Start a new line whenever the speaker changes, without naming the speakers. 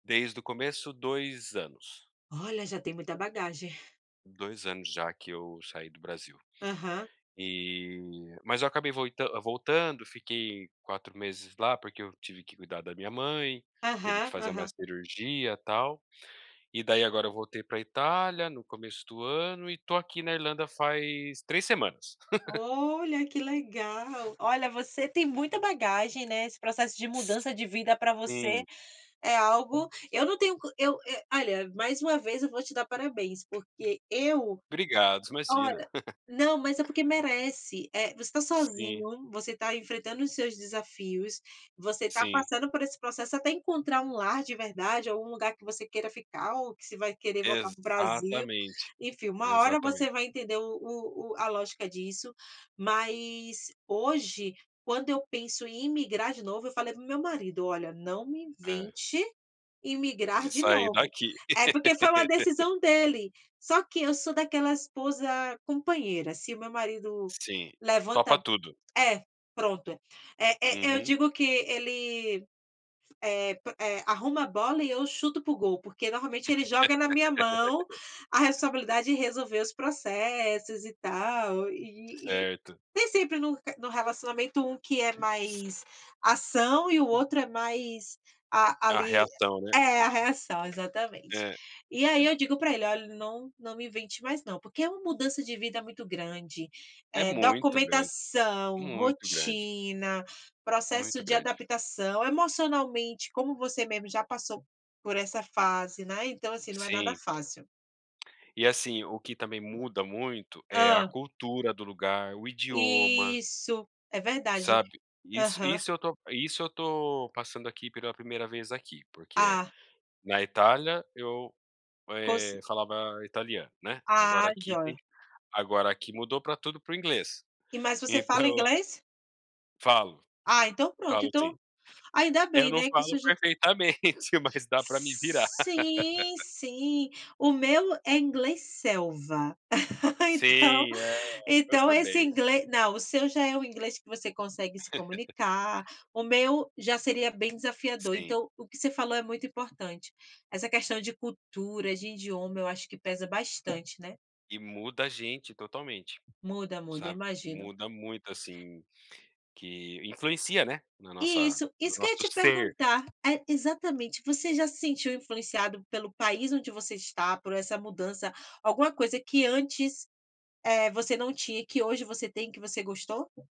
Desde o começo 2 anos.
Olha, já tem muita bagagem.
2 anos já que eu saí do Brasil.
Aham.
E mas eu acabei voi voltando, fiquei 4 meses lá porque eu tive que cuidar da minha mãe, teve que
Aham,
fazer uma
aham.
cirurgia tal e daí agora eu voltei para Itália no começo do ano e estou aqui na Irlanda faz 3 semanas.
Olha, que legal! Olha, você tem muita bagagem, né. Esse processo de
S
mudança de vida para você
sim.
é algo, eu não tenho con eu eu, olha, mais uma vez eu vou te dar parabéns, porque eu,
Obrigado, imagina.
olha, não, mas é porque merece, eh, você está
Sim.
sozinho, você está enfrentando os seus desafios, você está
Sim.
passando por esse processo até encontrar um lar de verdade ou um lugar que você queira ficar ou que você vai querer voltar para o Brasil,
Exatamente,
enfim, uma hora você
exatamente.
vai entender o o o a lógica disso, mas hoje quando eu penso em imigrar de novo eu falei para o meu marido: "Olha não me
É.
invente, em imigrar
De
de
sair
novo."
daqui.
É porque foi uma decisão dele. Só que eu sou daquela esposa companheira se o meu marido
Sim,
levanta,
topa tudo.
eh, pronto, eh eh, eu
Uhum.
digo que ele, eh eh, arruma a bola e eu chuto para o gol porque normalmente ele joga na minha mão a responsabilidade de resolver os processos e tal, e e
Certo.
tem sempre no no relacionamento um que é
C
mais ação e o outro é mais a
A
ali,
reação, né.
é, a reação exatamente.
É,
E
e
aí
na
eu digo para ele: "Olha não não me invente mais não" porque é uma mudança de vida muito grande,
É
é
muito grande,
documentação,
muito grande.
rotina, processo
Muito
de
grande.
adaptação, emocionalmente, como você mesmo já passou por essa fase, né, então assim, né, não é nada
Sim.
fácil.
E assim, o que também muda muito é a
Hã.
cultura do lugar, o idioma
Isso, é verdade.
Sabe isso
Aham.
isso eu estou isso eu estou passando aqui pela primeira vez aqui, porque
Ah.
na Itália eu,
Com
eh,
cer
falava italiano, né.
Ah,
Agora aqui tem
jóia.
agora aqui mudou para tudo para o inglês.
E, mas você
Então
fala inglês?
Falo,
Ah, então pronto
falo sim.
então ainda
Eu
bem,
não
né, que
falo
surgiu
perfeitamente mas dá para me virar.
Sim sim, o meu é inglês selva, então
Sim, eh, eu
então esse
também.
inglês não, o seu já é o inglês que você consegue se comunicar, o meu já seria bem desafiador.
Sim.
Então o que você falou é muito importante. Essa questão de cultura, de idioma eu acho que pesa bastante, né.
E muda a gente totalmente,
Muda, muda eu
sabe,
imagino.
muda muito, assim, que influencia, né, na nossa
Isso
no
isso que eu ia
nosso
te
ser.
perguntar, é exatamente, você já se sentiu influenciado pelo país onde você está, por essa mudança, alguma coisa que antes, eh, você não tinha e que hoje você tem e que você gostou?